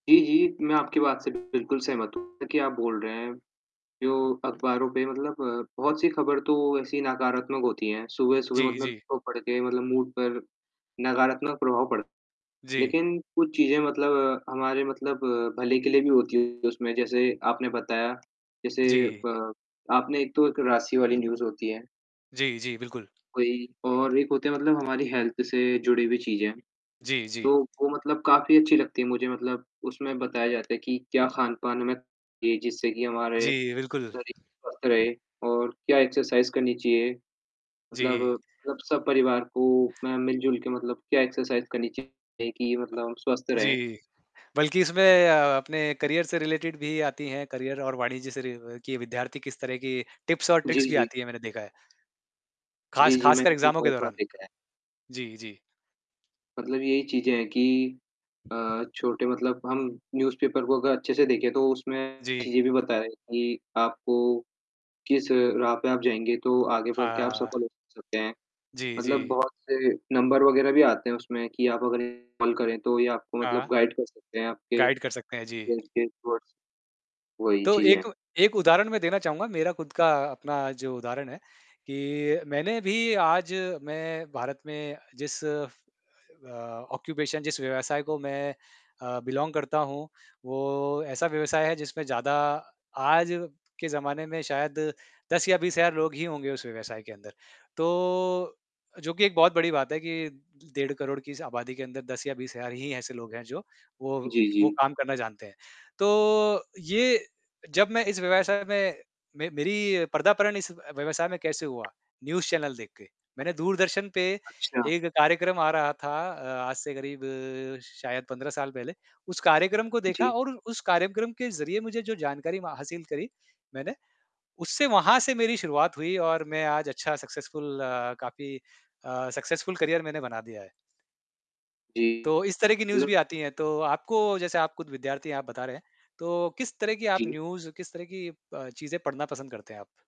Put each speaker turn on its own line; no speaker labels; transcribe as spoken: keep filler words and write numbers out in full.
जी, जी। मैं आपकी बात से बिल्कुल सहमत हूँ कि आप बोल रहे हैं, जो अखबारों पे मतलब बहुत सी खबर तो ऐसी नकारात्मक होती हैं, सुबह-सुबह
जी,
मतलब
जी।
तो पढ़ के मतलब मूड पर नकारात्मक प्रभाव पड़
जी।
लेकिन कुछ चीज़ें मतलब, हमारे मतलब भले के लिए भी होती है उसमें, जैसे आपने बताया, जैसे
जी।
ब आपने एक तो राशि वाली न्यूज़ होती है।
जी, जी, बिल्कुल।
वही और एक होते हैं मतलब हमारी हेल्थ से जुड़े हुई चीज़ हैं,
जी, जी।
तो वो मतलब काफ़ी अच्छी लगती है मुझे मतलब उसमें बताया जाता है कि क्या खान-पान हमें जी, जिससे कि हमारे,
जी, बिल्कुल।
शरीर स्वस्थ रहे और क्या एक्सरसाइज़ करनी चाहिए। मतलब
जी।
मतलब सब परिवार को मैं मिल-जुल के मतलब क्या एक्सरसाइज़ करनी चाहिए कि मतलब हम स्वस्थ रहें?
जी। बल्कि इसमें अ, अपने करियर से रिलेटेड भी आती हैं करियर और वाणिज्य से रि व की विद्यार्थी किस तरह की टिप्स और
जी,
ट्रिक्स भी
जी।
आती हैं मैंने देखा है।
जी,
ख़ास
जी,
ख़ासकर
मैंने भी
एग्ज़ामों के
बहुत बार
दौरान।
देखा है।
जी, जी।
मतलब यही चीज़ें हैं कि अ, छोटे मतलब हम न्यूज़ पेपर को अगर अच्छे-से देखें तो उसमें
जी।
चीज़ें भी बताएँ कि आपको, किस राह पे आप जाएँगे तो आगे बढ़ के आप
हाँ।
सफल हो सकते हैं।
जी,
मतलब
जी।
बहुत से नंबर वगैरह भी आते हैं उसमें कि आप अगर इन्हें कॉल करें तो ये आपको मतलब
हाँ।
गाइड कर सकते हैं आपके
गाइड कर सकते हैं। जी।
गोल के टुवर्ड्स वही
तो
चीज़ें है।
एक एक उदाहरण मैं देना चाहूँगा, मेरा खुद का अपना जो उदाहरण है, कि मैंने भी आज मैं भारत में जिस अ, ऑक्यूपेशन जिस व्यवसाय को मैं अ, बिलोंग करता हूँ, वो ऐसा व्यवसाय है जिसमें ज़्यादा आज के ज़माने में शायद दस या बीस हज़ार लोग ही होंगे उस व्यवसाय के अंदर। तो जो कि एक बहुत बड़ी बात है, कि डेढ़ करोड़ की इस आबादी के अंदर दस या बिस हज़ार ही ऐसे लोग हैं जो, वो
जी,
वो
जी।
काम करना जानते हैं। तो ये जब मैं इस व्यवसाय में, मैं मेरी पर्दापर्ण इस व व्यवसाय में कैसे हुआ न्यूज़ चैनल देख के, मैंने दूरदर्शन पे,
अच्छा।
एक कार्यक्रम आ रहा था अ, आज से करीब शायद पंद्रह साल पहले, उस कार्यक्रम को देखा
जी।
और उ उस कार्यक्रम के ज़रिए मुझे जो जानकारी मा हासिल करी मैंने, उससे वहाँ से मेरी शुरुआत हुई और मैं आज अच्छा सक्सेसफुल अ, काफ़ी अ, सक्सेसफुल करियर मैंने बना दिया है।
जी।
तो इस तरह की न्यूज़
मतलब
भी आती हैं। तो आपको जैसे आप खुद विद्यार्थी हैं आप बता रहे हैं, तो किस तरह की आप
जी।
न्यूज़, किस तरह की अ, चीज़ें पढ़ना पसंद करते हैं आप?